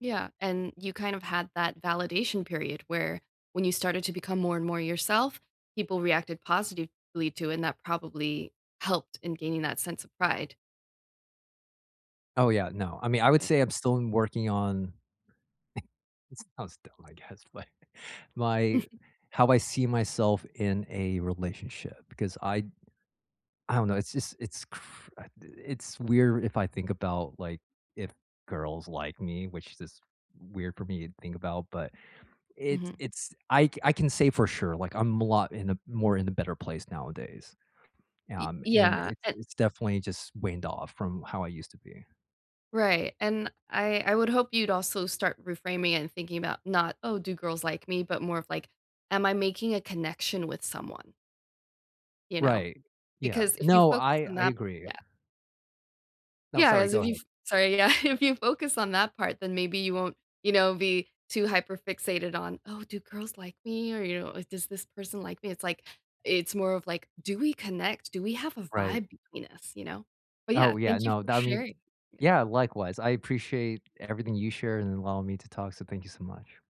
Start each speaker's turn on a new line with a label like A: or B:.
A: Yeah, and you kind of had that validation period where when you started to become more and more yourself, people reacted positively to, and that probably helped in gaining that sense of pride.
B: Oh, yeah, no, I mean, I would
A: Like
B: say I'm still working on it sounds dumb, I guess, like, my how I see myself in a relationship, because I'd I don't know, it's just it's cr I d it's weird if I think about, like, if girls like me, which is weird for me to think about, but it's
A: Mhm.
B: it's I c I can say for sure, like, I'm a lot in a more in a better place nowadays.
A: It
B: Um, and
A: yeah,
B: it's
A: and
B: it's definitely just waned off from how I used to be.
A: Right, and I I would hope you'd also start reframing and thinking about not, "Oh, do girls like me?" but more of, like, "Am I making a connection with someone?" You know?
B: Right. Yeah,
A: Because if you
B: no,
A: focus
B: I
A: on
B: I
A: that
B: agree.
A: yeah.
B: No,
A: Yeah,
B: sorry;
A: as
B: go
A: if
B: ahead.
A: you've Sorry, yeah, if you focus on that part, then maybe you won't, you know, be too hyper fixated on, "Oh, do girls like me?" or, you know, if, "Does this person like me?" it's like, it's more of, like, "Do we connect? Do we have a
B: Right.
A: vibe between us?" You know? But, yeah,
B: Oh, yeah,
A: thank you
B: no,
A: for
B: that mean
A: sharing Yeah.
B: Yeah, likewise, I appreciate everything you shared, and allowing me to talk, so thank you so much.